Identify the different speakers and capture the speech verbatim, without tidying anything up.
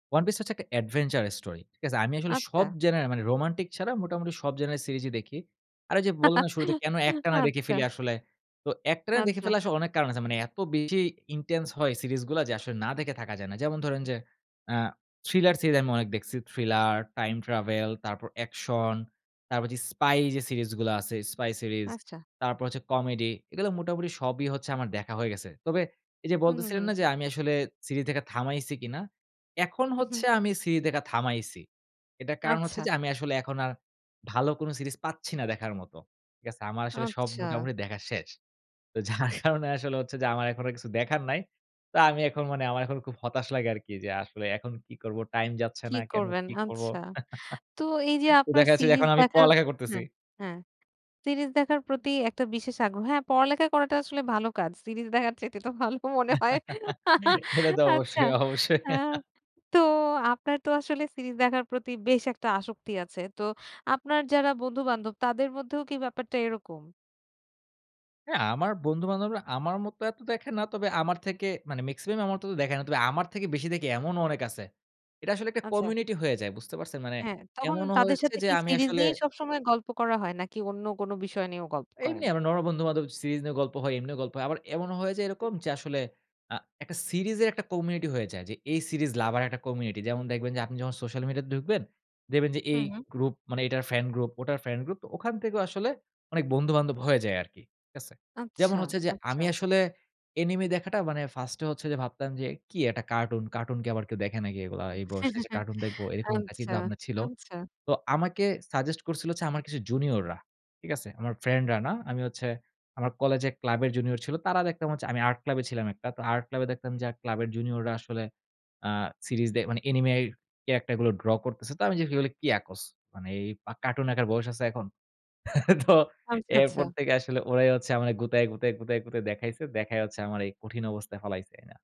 Speaker 1: One Piece হচ্ছে একটা adventure story ঠিক আছে? আমি আসলে সব
Speaker 2: আচ্ছা।
Speaker 1: genre এ মানে রোমান্টিক ছাড়া মোটামুটি সব genre এর সিরিজই দেখি। আর ঐযে বললাম না শুরুতে কেন একটানা দেখে ফেলি
Speaker 2: আচ্ছা।
Speaker 1: আসলে? তো একটানা দেখে
Speaker 2: আচ্ছা।
Speaker 1: ফেলার আসলে অনেক কারণ আছে। মানে এত বেশি intense হয় সিরিজগুলা। যে আসলে না দেখে থাকা যায় না। যেমন ধরেন যে, অ্যা thriller সিরিজ আমি অনেক দেখছি। Thriller, time travel, তারপর action, তারপর যে spy যে সিরিজগুলো আছে, spy series,
Speaker 2: আচ্ছা।
Speaker 1: তারপর হচ্ছে comedy এগুলো মোটামুটি সবই হচ্ছে আমার দেখা হয়ে গেছে। তবে এইযে
Speaker 2: হু, হু,
Speaker 1: বলতেছিলেন
Speaker 2: হু।
Speaker 1: না যে আমি আসলে সিরিজ দেখা থামাইছি কিনা? এখন
Speaker 2: হু, হু।
Speaker 1: হচ্ছে আমি সিরি দেখা থামাইছি। এটার কারণ হচ্ছে
Speaker 2: আচ্ছা।
Speaker 1: যে আমি আসলে এখন আর ভালো কোন সিরিজ পাচ্ছি না দেখার মতো। ঠিক আছে? আমার আসলে সব
Speaker 2: আচ্ছা।
Speaker 1: মোটামুটি দেখা শেষ। তো যার কারণে আসলে হচ্ছে যে আমার এখন আর কিছু দেখার নাই। তো আমি এখন মানে আমার এখন খুব হতাশ লাগে আরকি। যে আসলে এখন কি করবো? টাইম যাচ্ছে
Speaker 2: কি
Speaker 1: না কেন?
Speaker 2: করবেন?
Speaker 1: কি করবো?
Speaker 2: আচ্ছা। তো এইযে
Speaker 1: তো
Speaker 2: আপনার
Speaker 1: দেখা যাচ্ছে যে
Speaker 2: সিরিজ
Speaker 1: এখন আমি
Speaker 2: দেখার
Speaker 1: পড়ালেখা করতেছি।
Speaker 2: হ্যাঁ, হ্যাঁ, সিরিজ দেখার প্রতি একটা বিশেষ আগ্রহ হ্যাঁ, পড়ালেখা করাটা আসলে ভালো কাজ। সিরিজ দেখার চাইতে তো ভালো মনে হয়।
Speaker 1: এটা তো
Speaker 2: আচ্ছা।
Speaker 1: অবশ্যই, অবশ্যই।
Speaker 2: আ তো আপনার তো আসলে সিরিজ দেখার প্রতি বেশ একটা আসক্তি আছে। তো আপনার যারা বন্ধু-বান্ধব, তাদের মধ্যেও কি ব্যাপারটা এরকম?
Speaker 1: হ্যাঁ। আ আমার বন্ধু-বান্ধবরা আমার মত এত দেখে না। তবে আমার থেকে মানে মেক্সিমাম আমার মত দেখে না। তবে আমার থেকে বেশি দেখে এমনও অনেক আছে। এটা আসলে একটা
Speaker 2: আচ্ছা।
Speaker 1: community হয়ে যায়। বুঝতে পারছেন? মানে
Speaker 2: হ্যাঁ। তখন
Speaker 1: এমনও
Speaker 2: তাদের
Speaker 1: হয়েছে
Speaker 2: সাথে
Speaker 1: যে
Speaker 2: কি
Speaker 1: আমি
Speaker 2: সিরিজ
Speaker 1: আসলে
Speaker 2: নিয়েই সবসময় গল্প করা হয়? নাকি অন্য কোনো বিষয় নিয়েও গল্প
Speaker 1: এমনি
Speaker 2: করেন?
Speaker 1: আমরা নরমাল বন্ধু-বান্ধব সিরিজ নিয়ে গল্প হয়, এমনিও গল্প হয়। আবার এমনও হয়ে যায়
Speaker 2: হু।
Speaker 1: এরকম যে, আসলে আ একটা সিরিজের একটা community হয়ে যায়। যে এই series lover রা একটা community। যেমন দেখবেন যে, আপনি যখন সোশ্যাল মিডিয়াতে ঢুকবেন, দেখবেন যে
Speaker 2: হু,
Speaker 1: এই
Speaker 2: হু।
Speaker 1: গ্রুপ মানে এটার ফ্যান গ্রুপ, ওটার ফ্যান গ্রুপ। তো ওখান থেকেও আসলে অনেক বন্ধু-বান্ধব হয়ে যায় আরকি। ঠিক আছে?
Speaker 2: আচ্ছা,
Speaker 1: যেমন হচ্ছে যে,
Speaker 2: আচ্ছা।
Speaker 1: আমি আসলে anime দেখাটা মানে first এ হচ্ছে যে ভাবতাম যে, "কি একটা কার্টুন। কার্টুন কি আবার কেউ দেখে নাকি এগুলা?
Speaker 2: আ
Speaker 1: এই বয়সে যেয়ে কার্টুন দেখবো?" এরকম একটা
Speaker 2: আচ্ছা,
Speaker 1: চিন্তাভাবনা ছিল।
Speaker 2: আচ্ছা।
Speaker 1: তো আমাকে suggest করছিল হচ্ছে আমার কিছু junior রা। ঠিক আছে? আমার ফ্রেন্ডরা না। আমি হচ্ছে আমার কলেজে ক্লাবের junior ছিল। তারা দেখতাম হচ্ছে আমি আর্ট ক্লাবে ছিলাম একটা। তো আর্ট ক্লাবে দেখতাম যে আ ক্লাবের junior রা আসলে অ্যা সিরিজ দে মানে anime র character গুলো draw করতেছে। তো আমি জিজ্ঞেস করি, "এগুলো কি আকোস? মানে এই কার্টুন একার বয়স আছে এখন?" তো
Speaker 2: আচ্ছা, আচ্ছা।
Speaker 1: এরপর থেকে আসলে ওরাই হচ্ছে আমারে গুতায়ে, গুতায়ে, গুতায়, গুতায় দেখাইছে। দেখাই হচ্ছে আমার এই কঠিন অবস্থায় ফালাইছে এ না।